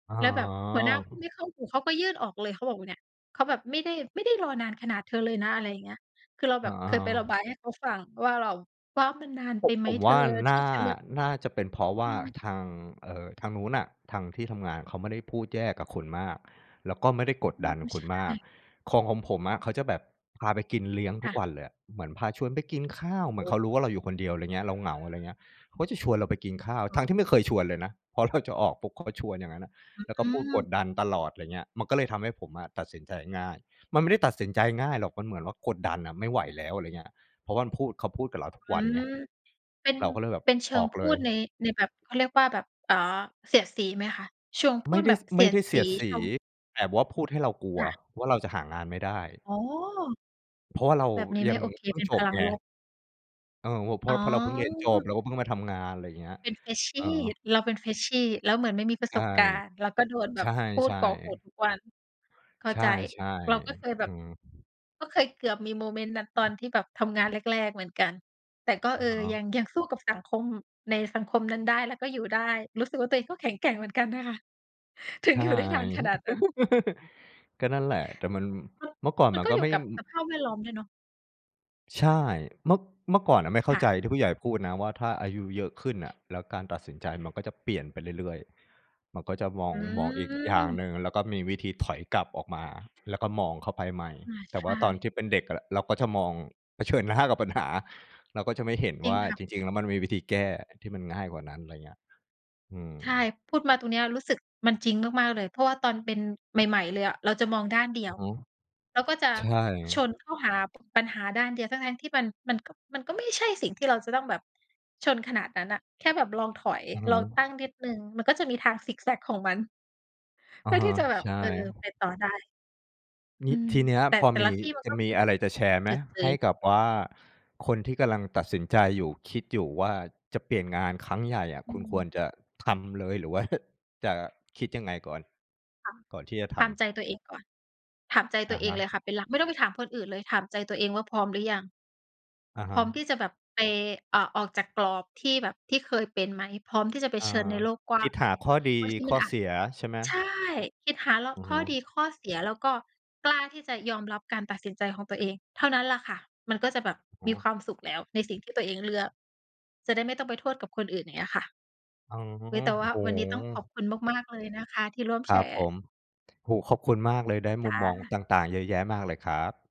อ๋แล้วแบบหัวหน้าพูดอ ไม่เข้าหู เขาก็ยื่นออกเลย เขาบอกว่า "เนี่ย เขาแบบไม่ได้ ไม่ได้รอนานขนาดเธอเลยนะ" อะไรอย่างเงี้ย คือเราอแบ๋บเคยไประบอ ายให้เขาฟังว่า เราว่า "มันนานโผไปะ ไหมผมเธว่อ าทนี่่า จะแบบ" น่าจะเป็นเพราะวอ่ืาม ทาง เอ่อ ทางนู้นอะ ทางที่ทำงานเขาไม่ได้พูดแย่กับคุณมาก แล้วก็ไม่ได้กดอืดม ันคใุชณมาก ่ ของ ของผมอะเขาจะแบบพาไปกินเลี้ยงคทุ่กะ วันเลยอะ เหมือนพาชวนไปกินข้าว เหโมอือนเ้ ขารู้ว่าเราอยู่คนเดียว ไรเงี้ย เราเหงา ไรเงี้ย เขาจะชวนเราไปกินข้าว คท่ัะ ้งที่ไม่เคยชวนเลยนะ พอเราจะออกปุ๊บ เขาก็ชวนอย่างงั้นน่ะ อืแล้วก็พูดกม ดดันตลอด ไรเงี้ย มันก็เลยทำให้ผมอะตัดสินใจง่าย มันไม่ได้ตัดสินใจง่ายหรอก มันเหมือนว่ากดดันอะ ไม่ไหวแล้ว อะไรเงี้ย เพราะว่ามันพูด เขาพูดกับเราทุกอืวันไม ง เป็น เราก็เลยแบบเป็นเชิองอกพเูลย ดใน ใน แบบ เค้าเรียกว่าแบบ เอ่อ เสียดสีไหมคะ? เชิงพไูม่ดไดแบ้ บส เสไมี่ยไดด้เสสีี ยดสเชี ิง แต่ว่าพูดให้เรากลัวค่ะ ว่า เราจะหางานไม่ได้ อ๋อ เพราะว่าเราแบบนี้ยไมั่งโอเค เพิ่เปง็นจพบลังไง ลบ เออ โอ้ เพรอา๋ะเรา อ เพราะเราเพิ่งเรียนจบ แล้วก็เพิ่งมาทำงาน ไรอย่างเงี้ย เป็น เFreshy ออ เราเป็น Freshy แล้วเหมือนไม่มีประใชส่ บการณ์ เราก็โดนแใบชบพูด่ กรอกหูๆ ทุกวัน เข้าใชใจ ่ เราก็เคยแบๆ อืบ ม ก็เคยเกือบมีโมเมนต์นั้น ตอนที่แบบทำงานแรก ๆ เหมือนกัน แต่ก็ อเอะอ ฮะ ยัง ยังสู้กับสังคม ในสังคมนั้นได้ แล้วก็อยู่ได้ รู้สึกว่าตัวเองก็แข็งแกร่งเหมือนกันนะคะ ถึใงช่ อยู่ได้นานขนาดนั้น ก็นั่นแหละ แต่มัน เออ เมื่อก่อนมัมนันก็ก็อยไูม่่ กับอืสอ ภาพแวดล้อมด้วยเนาะ ใช่ เมื่อ เมื่อก่อนอะไม่เขค้า่ะ ใจที่ผู้ใหญ่พูดนะว่า ถ้าอายุเยอะขึ้นอะ แล้วการตัดสินใจมันก็จะเปลี่ยนไปเรื่อย ๆ มันก็จะมออง ืมองอีกอย่างม หนึ่ง แล้วก็มีวิธีถอยกลับออกมา แล้วก็มองเข้าไปใหม่ อา แต่ใชว่าตอน่ ที่เป็นเด็กอะ เราก็จะมอง เผชิญหน้ากับปัญหา เราก็จะไม่เห็นจริวง ่าค่ะ จริง ๆ แล้ว มันมีวิธีแก้ที่มันง่ายกว่านั้น ไรเงี้ย อืม ใช่ พูดมาตรงเนี้ย รู้สึกมันจริงมาก ๆ เลย เพราะว่าตอนเป็น ใหม่ ๆ เลยอะ เราจะมองด้านเดีอยือว ฮึ เราก็จะใช่ ชนเข้าหา ป ปัญหาด้านเดียว ทั้ง ๆ ที่มัน มันก็ มันก็ไม่ใช่สิ่งที่เราจะต้องแบบ ชนขนาดนั้นน่ะ แค่แบบลองถอย อือฮลึ องตั้งนิดหนึ่ง มันก็จะมีทางซิกแซ็กของมัน อะเพื่อฮทะ ี่จะแบใชบ ่ เออ ไปต่อได้ องืี้ ม ทีเนี้ย แต่ พอแต่มละี ที่มันจกะ็มมีีแบอะบไรจะแชร์ไเหม? จอะเจใหอ ้กับว่าคนที่กำลังตัดสินใจอยู่ คิดอยู่ว่าจะเปลี่ยนงานครั้งใหญ่อะ อืคุณคม วรจะทำเลย หรือว่า จะคิดยังไงก่อน ค่ะ ก่อนที่จะทถำ? ามใจตัวเองก่อน ถามใจอตัะวเอฮงะ เลยค่ะ เป็นหลัก ไม่ต้องไปถามคนอื่นเลย ถามใจตัวเองว่าพร้อมหรือยัง อะฮพร้อมทะ ี่จะแบบไป อ่า ออกจากกรอบที่แบบ ที่เคยเป็นไหม พร้อมที่จะเผอา ชิญในโลกกว้คาิงดไหม หาข้อดีบางทีขมั้นออาเสจ ียใช่ไหม? ใช่ คิดหาเลาอะ ือขฮ้ึ อดีข้อเสีย แล้วก็กล้าที่จะยอมรับการตัดสินใจของตัวเอง เท่านั้นล่ะค่ะ มันก็จะแบบอือมีฮึ ความสุขแล้ว ใน สิ่งที่ตัวเองเลือก จะได้ไม่ต้องไปโทษกับคนอื่น อย่างเงี้ยค่ะ อ๋อ อุ๊ย แต่โวอ่้าโฮ วันนี้ต้องขอบคุณมาก ๆ เลยนะคะ ที่ร่วมคแรชับรผ์ ม โอ้โฮ ขอบคุณมากเลย ได้จมุ้มมองะ ต่าง ๆ เยอะแยะมากเลยครับ